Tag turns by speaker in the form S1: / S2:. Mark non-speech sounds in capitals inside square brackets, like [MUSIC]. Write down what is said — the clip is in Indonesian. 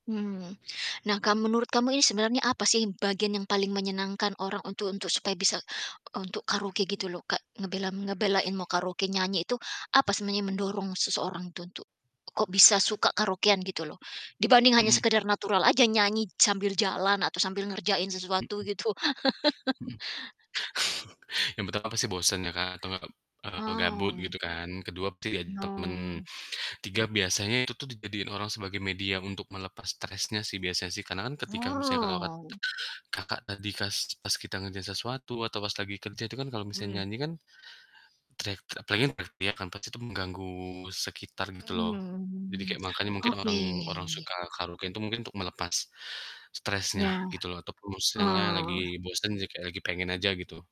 S1: Mmm. Nah, kalau menurut kamu ini sebenarnya apa sih bagian yang paling menyenangkan orang untuk untuk supaya bisa untuk karaoke gitu loh Kak, ngebela m ngebelain mau karaoke nyanyi itu, apa sebenarnya yang mendorong seseorang itu untuk kok bisa suka karaokean gitu loh, dibanding hanya
S2: Mhm.
S1: sekedar natural aja nyanyi sambil jalan atau sambil ngerjain sesuatu
S2: Mhm.
S1: gitu? [CHUCKLES]
S2: Mhm. [CHUCKLES] Yang pertama pasti bosen ya Kak, atau nggak, eee, gabut
S1: Oh.
S2: gitu kan. Kedua bisa jadi teman.
S1: Oh.
S2: Tiga, biasanya itu tuh dijadiin orang sebagai media untuk melepas stresnya sih biasanya sih, karena kan ketika misalnya Kakak kat
S1: Wow.
S2: Kakak tadi kas pas kita ngerjain sesuatu atau pas lagi kerja itu kan kalau misalnya
S1: Mmm.
S2: nyanyi kan teriak ter apalagi teriak-teriak kan, pasti itu mengganggu sekitar gitu loh, jadi
S1: Mmm
S2: kayak makanya mungkin
S1: oke.
S2: orang orang suka karaokean tuh mungkin untuk melepas stresnya
S1: Ya,
S2: gitu loh ataupun misalnya lagi
S1: oh.
S2: bosen, jadi kayak lagi pengen aja gitu.